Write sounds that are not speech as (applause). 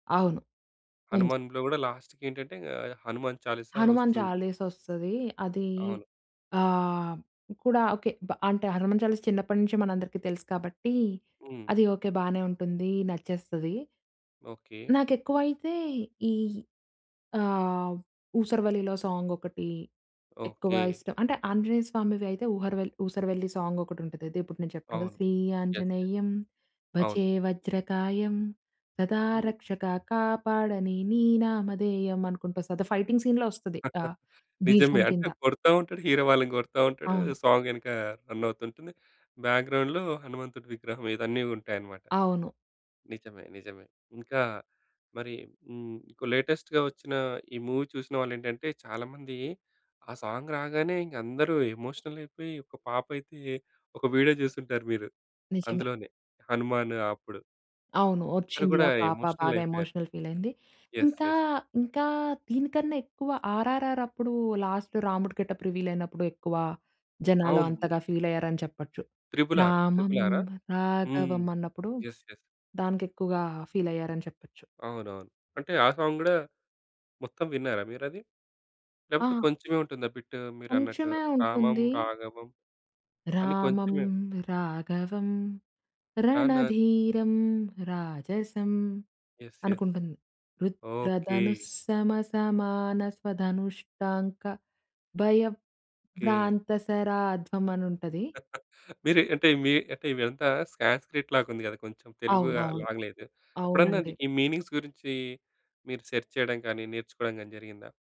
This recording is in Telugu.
అవును. ఉంది. 'హనుమాన్‌'లో కూడా లాస్ట్‌కి ఏంటంటే ఆహ్, హనుమాన్ చాలీసా హనుమాన్ వస్తుం చాలిస్ ఒస్తది. అది అవును. ఆహ్, కూడా ఓకే. బ అంటే హనుమాన్ చాలీస్ చిన్నపట్నుంచి మనందరికి తెలుసు కాబట్టి. హ్మ్. అది ఓకే, బానే ఉంటుంది. నచ్చేస్తది. ఓకే. నాకెక్కువైతే ఈ ఆహ్, 'ఊసరవెల్లి'లో సాంగ్ ఒకటి ఎక్కువ ఓకే. ఇష్టం. అంటే ఆంజనేయ స్వామివివైతే ఊహరవెల్ 'ఊసరవెల్లి' సాంగొకటుంటది. అదే ఇప్పుడు నేను చెప్పాను కదా! అవును. Sri yes, yes. ఆంజనేయం అవును. భజే వజ్రకాయం సదా హ్మ్. రక్షక కాపాడని నీ నామధేయం. అనుకుంటూ వస్తది. ఫైటింగ్ సీన్‌లో ఒస్తది (laughs) ఆహ్, నిజమే. భీషం అంటే కింద. కొడతా ఉంటాడు హీరో వాళ్ళని గొడతా ఉంటాడు, అవును. సాంగ్ ఎనుక రన్నావుతూ ఉంటుంది. బ్యాక్‌గ్రౌండ్‌లో హనుమంతుడు విగ్రహం ఇదన్నీ ఉంటాయన్నమాట. అవును. నిజమే, నిజమే. ఇంకా మరి హ్మ్, కు లేటెస్ట్‌గా వచ్చిన ఈ మూవీ చూసిన వాళ్ళేంటంటే, చాలా మంది ఆ సాంగ్ రాగానే ఇంక అందరూ ఎమోషనల్ అయిపోయి ఒక పాపయితే ఒక వీడియో జూసుంటారు మీరు. నిజమే. అందులోనే, 'హనుమాన్' అప్పుడు. అవును. అందరు ఓచ్చింది. కూడా ఆ పాప బాగా ఎమోషనలైపోయారు. ఎమోషనల్ ఫీలయింది. యెస్, ఇంకా, యెస్. ఇంకా దీనికన్నా ఎక్కువ 'ఆర్ఆర్‌ఆర్' అప్పుడు లాస్ట్‌లో రాముడు గెటప్ రివీలైనప్పుడు, ఎక్కువ జనాలు అవును. అంతగా ఫీల్ అయ్యారని చెప్పొచ్చు. 'త్రిపుల్ ఆర్,' రామం 'త్రిపుల్ ఆరా?' హ్మ్. రాఘవం అన్నప్పుడు, యెస్. యెస్. దానికి ఎక్కువగా ఫీలైయ్యారని చెప్పొచ్చు. అవునవును. అంటే ఆ సాంగ్ గుడా మొత్తం విన్నారా మీరది? లేపోతే ఆ! కొంచెమే ఉంటుందా బిట్టు మీరన్నట్టు? కొంచెమే 'రామం ఉంటుంది. రాఘవం.' అని రామం కొంచెమే రాఘవం రణ రణధీరం రాజసం యెస్, యెస్. అనుకుంటుంది. రుద్ర ఓకే. ధనుస్స సమాన స్వధనుష్ఠాంక కే భయభ్రాంతసరాధ్వం అనుంటది. (laughs) మీరు, అంటే మీ అంటే మీదంతా సంస్క్రిట్‌లాగుంది కదా! కొంచెం అవు తెలుగు ఆహ్, అవును. లాగలేదు. ఎప్పుడనన్నా అది అవునండి. ఈ మీనింగ్స్ గురించి, మీరు సెర్చ్ చేయడం గాని, నేర్చుకోవడం కానీ జరిగిందా?